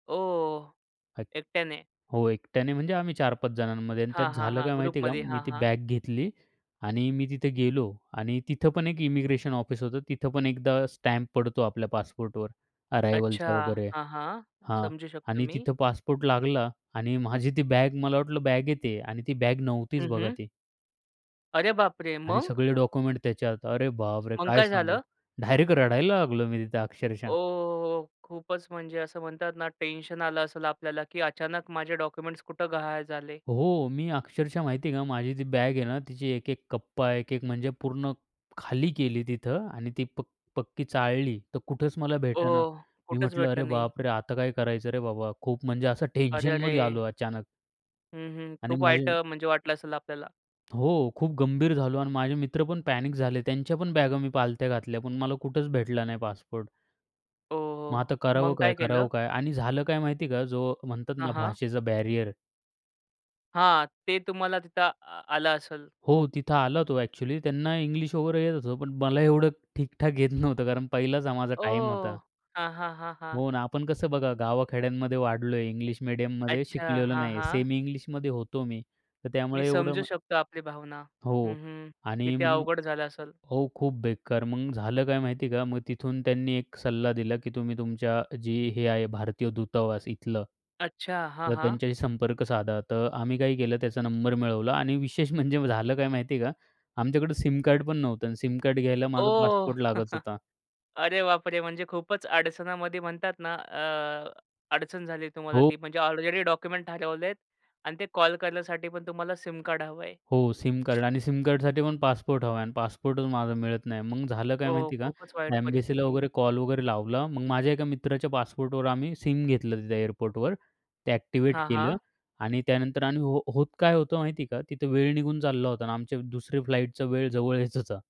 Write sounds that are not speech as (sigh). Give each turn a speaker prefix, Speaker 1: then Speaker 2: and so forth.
Speaker 1: ओ!
Speaker 2: अ‍ॅक
Speaker 1: एकट्याने.
Speaker 2: हो, एकट्याने म्हणजे आम्ही 4-5 जणांमध्ये आणि त्यात
Speaker 1: हां, हां,
Speaker 2: झालं
Speaker 1: हां.
Speaker 2: काय माहिती आहे का,
Speaker 1: ग्रुपमध्ये.
Speaker 2: मी
Speaker 1: हां,
Speaker 2: ती
Speaker 1: हां.
Speaker 2: बॅग घेतली आणि मी तिथे गेलो आणि तिथं पण एक इमिग्रेशन ऑफिस होतं. तिथं पण एकदा स्टॅम्प पडतो आपल्या पासपोर्टवर
Speaker 1: अच्छा.
Speaker 2: अरायव्हलचा वगैरे
Speaker 1: हां, हां.
Speaker 2: हां.
Speaker 1: समजू शकतो
Speaker 2: आणि
Speaker 1: मी.
Speaker 2: तिथं पासपोर्ट लागला आणि माझी ती बॅग मला वाटलं बॅगेत आहे आणि ती बॅग नव्हतीच
Speaker 1: हं,
Speaker 2: बघा
Speaker 1: हं.
Speaker 2: ती.
Speaker 1: अरे बापरे!
Speaker 2: आणि
Speaker 1: मग?
Speaker 2: सगळे डॉक्युमेंट त्याच्यात. अरे बापरे!
Speaker 1: मग
Speaker 2: काय
Speaker 1: काय
Speaker 2: सांगू,
Speaker 1: झालं?
Speaker 2: डायरेक्ट रडायला लागलो मी तिथे अक्षरशः.
Speaker 1: ओहोहो! खूपच म्हणजे असं म्हणतात ना, टेन्शन आलं असेल आपल्याला, की अचानक माझे डॉक्युमेंट्स कुठं गहाळ झाले?
Speaker 2: हो. मी अक्षरशः माहिती आहे का, माझी ती बॅग आहे ना, तिची एक-एक कप्पा. एक-एक म्हणजे पूर्ण खाली केली तिथं आणि ती पक पक्की चाळली, तर कुठेच मला
Speaker 1: ओ!
Speaker 2: भेटेना. मी
Speaker 1: कुठंच
Speaker 2: म्हटलं, "अरे
Speaker 1: भेटलं नाही.
Speaker 2: बापरे! आता काय करायचं रे बाबा?" खूप म्हणजे असं
Speaker 1: अरे,
Speaker 2: टेन्शनमध्ये
Speaker 1: अरे!
Speaker 2: आलो अचानक.
Speaker 1: हं, हं.
Speaker 2: आणि
Speaker 1: खूप वाईट
Speaker 2: माझे
Speaker 1: अ, म्हणजे वाटलं असेल आपल्याला?
Speaker 2: हो. खूप गंभीर झालो आणि माझे मित्र पण पॅनिक झाले. त्यांच्या पण बॅगा मी पालथ्या घातल्या, पण मला कुठेच भेटला नाही पासपोर्ट.
Speaker 1: हो,
Speaker 2: मग
Speaker 1: हो.
Speaker 2: आता करावं
Speaker 1: मग काय
Speaker 2: काय,
Speaker 1: केलं?
Speaker 2: करावं काय आणि झालं काय माहिती आहे का, जो म्हणतात
Speaker 1: हां,
Speaker 2: ना
Speaker 1: हां.
Speaker 2: भाषेचा बॅरियर
Speaker 1: हां. ते तुम्हाला तिथं आ आलं असेल
Speaker 2: हो.
Speaker 1: खूप.
Speaker 2: तिथं आला तो. अ‍ॅक्चुअली त्यांना इंग्लिश वगैरे येत होतं, पण मला एवढं ठीक ठाक येत नव्हतं, कारण पहिलाच हा माझा टाईम होता.
Speaker 1: ओह! हां, हां, हां, हां.
Speaker 2: हो ना. आपण कसं बघा, गावा खेड्यांमध्ये वाढलोय. इंग्लिश मीडियममध्ये
Speaker 1: अच्छा.
Speaker 2: शिकलेलो
Speaker 1: हां,
Speaker 2: नाहीये.
Speaker 1: हां.
Speaker 2: सेमी इंग्लिशमध्ये होतो मी, तर
Speaker 1: मी
Speaker 2: त्यामुळे एवढं
Speaker 1: समजू
Speaker 2: मग
Speaker 1: शकतो आपली भावना. हं,
Speaker 2: हो.
Speaker 1: हं.
Speaker 2: आणि
Speaker 1: किती
Speaker 2: मग
Speaker 1: अवघड झालं असेल.
Speaker 2: हो, खूप बेकार मग झालं, काय माहिती आहे का, मग तिथून त्यांनी एक सल्ला दिला की तुम्ही तुमच्या जी हे आहे भारतीय दूतावास इथलं,
Speaker 1: अच्छा. हां,
Speaker 2: तर
Speaker 1: हां.
Speaker 2: त्यांच्याशी संपर्क साधा. तर आम्ही काय केलं, त्याचा नंबर मिळवला आणि विशेष म्हणजे झालं काय माहिती आहे का, आमच्याकडं सिम कार्ड पण नव्हता आणि सिम कार्ड घ्यायला माझा
Speaker 1: ओह!
Speaker 2: पासपोर्ट लागत
Speaker 1: (chuckles)
Speaker 2: होता.
Speaker 1: अरे बापरे! म्हणजे खूपच अडचणामध्ये म्हणतात ना, अ, अडचण झाली तुम्हाला
Speaker 2: खूप
Speaker 1: ती, म्हणजे ऑलरेडी डॉक्युमेंट ठरवलेत आणि ते कॉल करण्यासाठी पण तुम्हाला सिम कार्ड हवंय.
Speaker 2: हो, सिम कार्ड. आणि सिम कार्डसाठीपण पासपोर्ट हवा आहे. आणि पासपोर्टच माझा मिळत नाही. मग झालं काय
Speaker 1: हो,
Speaker 2: माहिती का,
Speaker 1: खूपच वाईट
Speaker 2: एम्बेसीला
Speaker 1: परिस्थिती.
Speaker 2: वगैरे कॉल वगैरे लावला. मग माझ्या एका मित्राच्या पासपोर्टवर आम्ही सिम घेतलं तिथे एअरपोर्टवर, ते ॲक्टिव्हेट
Speaker 1: हां,
Speaker 2: केलं.
Speaker 1: हां.
Speaker 2: आणि त्यानंतर आम्ही हो होत काय होतं माहिती आहे का, तिथं वेळ निघून चालला होता आणि आमचे दुसरी फ्लाइटचा वेळ जवळ येत होता.